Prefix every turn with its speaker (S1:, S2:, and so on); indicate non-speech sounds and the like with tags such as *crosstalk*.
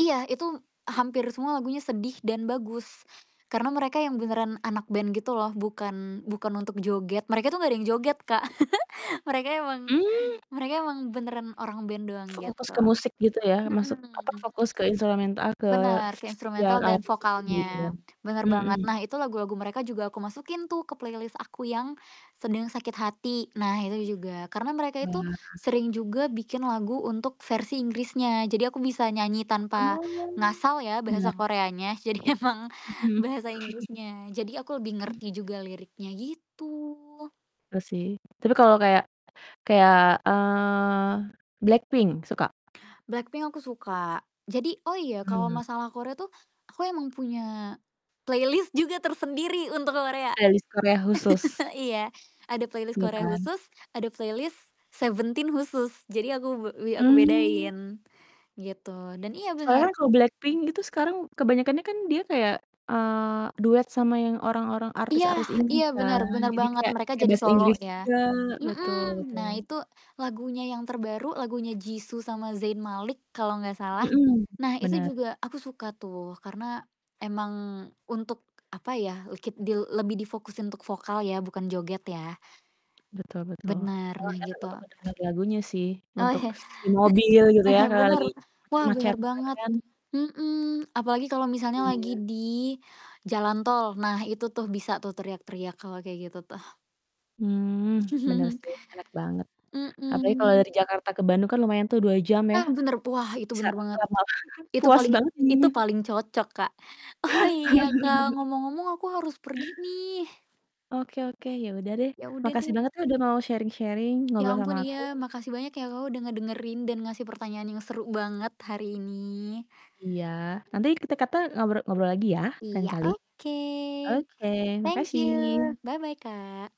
S1: Iya, itu hampir semua lagunya sedih dan bagus, karena mereka yang
S2: Ngeri.
S1: beneran anak band gitu loh bukan bukan untuk joget, mereka tuh gak ada yang joget Kak, *chuckles* mereka emang
S2: Mmm.
S1: mereka emang beneran orang band doang
S2: Fokus
S1: gitu.
S2: ke musik gitu ya, masuk apa,
S1: Mhm.
S2: fokus ke instrumental ke
S1: Bener, ke
S2: yang
S1: instrumental
S2: alat
S1: dan
S2: musiknya gitu kan?
S1: vokalnya, bener banget.
S2: Mhm.
S1: Nah, itu lagu-lagu mereka juga aku masukin tuh ke playlist aku yang sedang sakit hati, nah itu juga. Karena mereka itu,
S2: Wah.
S1: sering juga bikin lagu untuk versi Inggrisnya, jadi aku bisa nyanyi tanpa
S2: Oh,
S1: ngasal ya bahasa
S2: menarik.
S1: Koreanya. Jadi emang
S2: Mhm. *chuckles*
S1: bahasa Inggrisnya, jadi aku lebih
S2: Mmm.
S1: ngerti juga liriknya, gitu.
S2: Iya sih, tapi kalau kayak kayak, eee, Blackpink, suka?
S1: Blackpink aku suka, jadi oh iya, kalo
S2: Mhm.
S1: masalah Korea tuh, aku emang punya playlist juga tersendiri untuk Korea.
S2: Playlist Korea khusus.
S1: *chuckles* iya, ada playlist
S2: Ya
S1: Korea
S2: kan.
S1: khusus, ada playlist Seventeen khusus, jadi aku we wi aku
S2: Mmm.
S1: bedain gitu, dan iya bener.
S2: Soalnya kalau Blackpink
S1: Mhm.
S2: itu sekarang kebanyakannya dia kayak, eee, duet sama yang orang-orang
S1: Iya,
S2: artis-artis
S1: iya
S2: Inggris
S1: bener
S2: kan.
S1: bener
S2: Jadi
S1: banget,
S2: kayak kayak
S1: mereka
S2: pakai
S1: jadi
S2: bahasa
S1: solo
S2: Inggris
S1: ya,
S2: juga, betul
S1: mhm.
S2: betul.
S1: Nah, itu lagunya yang terbaru lagunya Jisoo sama Zayn Malik kalo gak salah,
S2: Mhm,
S1: nah itu
S2: bener.
S1: juga aku suka tuh karena emang untuk apa ya, lekit dil lebih difokusin untuk vokal ya bukan joget ya.
S2: Betul betul,
S1: Bener,
S2: emang
S1: nah
S2: enak
S1: gitu.
S2: untuk ngedenger lagunya sih
S1: Oh.
S2: untuk
S1: *chuckles*
S2: s di mobil gitu ya
S1: Heeh,
S2: kalo
S1: bener.
S2: lagi
S1: Wah bener
S2: macet-macetan
S1: banget,
S2: kan?
S1: mhm, apalagi kalo misalnya lagi
S2: Iya.
S1: di jalan tol, nah itu tuh bisa tuh teriak-teriak kalo kayak gitu tuh.
S2: Mmm, bener
S1: *chuckles*
S2: sih enak banget. Apalagi kalau dari
S1: Mhm.
S2: Jakarta ke Bandung kan lumayan tuh 2 jam ya,
S1: Ah, bener, wah itu
S2: bisa
S1: bener banget.
S2: lama lama
S1: Itu
S2: puas
S1: paling
S2: banget
S1: itu
S2: nyanyinya.
S1: paling cocok, Kak. Oh, iya, Kak,
S2: *laughs*
S1: ngomong-ngomong aku harus pergi nih.
S2: Oke oke, ya udah deh.
S1: Ya udah
S2: Makasih
S1: deh.
S2: banget ya udah mau sharing-sharing,
S1: Ya
S2: ngobrol sama
S1: ampun,
S2: aku.
S1: iya, makasih banyak ya Kak, udah ngedengerin dan ngasih pertanyaan yang seru banget hari ini.
S2: Iya, nanti kita kata ngobro ngobrol lagi ya, lain
S1: Iya,
S2: kali.
S1: oke.
S2: Oke,
S1: Thank you,
S2: makasih.
S1: bye-bye, Kak.